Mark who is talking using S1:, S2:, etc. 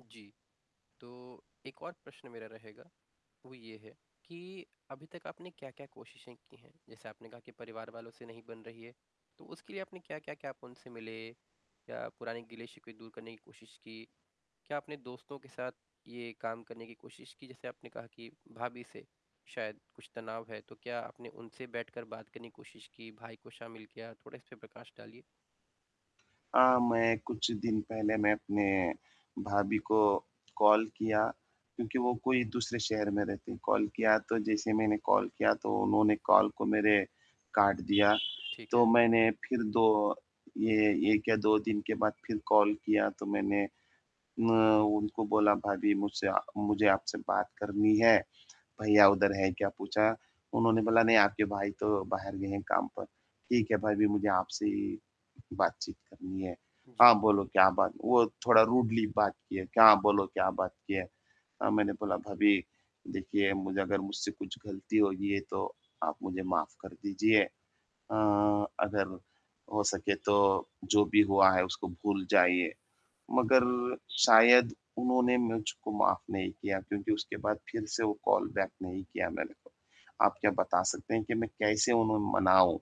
S1: जी, तो एक और प्रश्न मेरा रहेगा, वो ये है कि अभी तक आपने क्या-क्या कोशिशें की हैं, जैसे आपने कहा कि परिवार वालों से नहीं बन रही है, तो उसके लिए आपने क्या-क्या किया? आप उनसे मिले या पुराने गिले-शिकवे दूर करने की कोशिश की? क्या आपने दोस्तों के साथ ये काम करने की कोशिश की? जैसे आपने कहा कि भाभी से शायद कुछ तनाव है, तो क्या आपने उनसे बैठकर बात करने की कोशिश की? भाई को शामिल किया थोड़ा? इस पे प्रकाश डालिए।
S2: अ, मैं कुछ दिन पहले मैं अपने भाभी को कॉल किया क्योंकि वो कोई दूसरे शहर में रहती हैं, कॉल किया तो जैसे मैंने कॉल किया तो उन्होंने कॉल को मेरे काट दिया,
S1: ठीक
S2: तो
S1: है।
S2: मैंने फिर दो ये 1 या 2 दिन के बाद फिर कॉल किया, तो मैंने न उनको बोला, "भाभी मुझसे आ मुझे आपसे बात करनी है, भैया उधर हैं क्या पूछा?" उन्होंने बोला "नहीं, आपके भाई तो बाहर गए हैं काम पर। ठीक है, भाभी मुझे आपसे ही बातचीत करनी है।
S1: जी।
S2: हाँ, बोलो क्या बात," वो थोड़ा रूडली बात किए, "क्या बोलो क्या बात की है" अ, मैंने बोला "भाभी देखिए मुझे अगर मुझसे कुछ गलती होगी है तो आप मुझे माफ़ कर दीजिए अ, अगर हो सके तो जो भी हुआ है उसको भूल जाइए" मगर
S1: जी।
S2: शायद उन्होंने मुझको माफ़ नहीं किया क्योंकि उसके बाद फिर से वो कॉल बैक नहीं किया मेरे को। आप क्या बता सकते हैं कि मैं कैसे उन्हें मनाऊँ?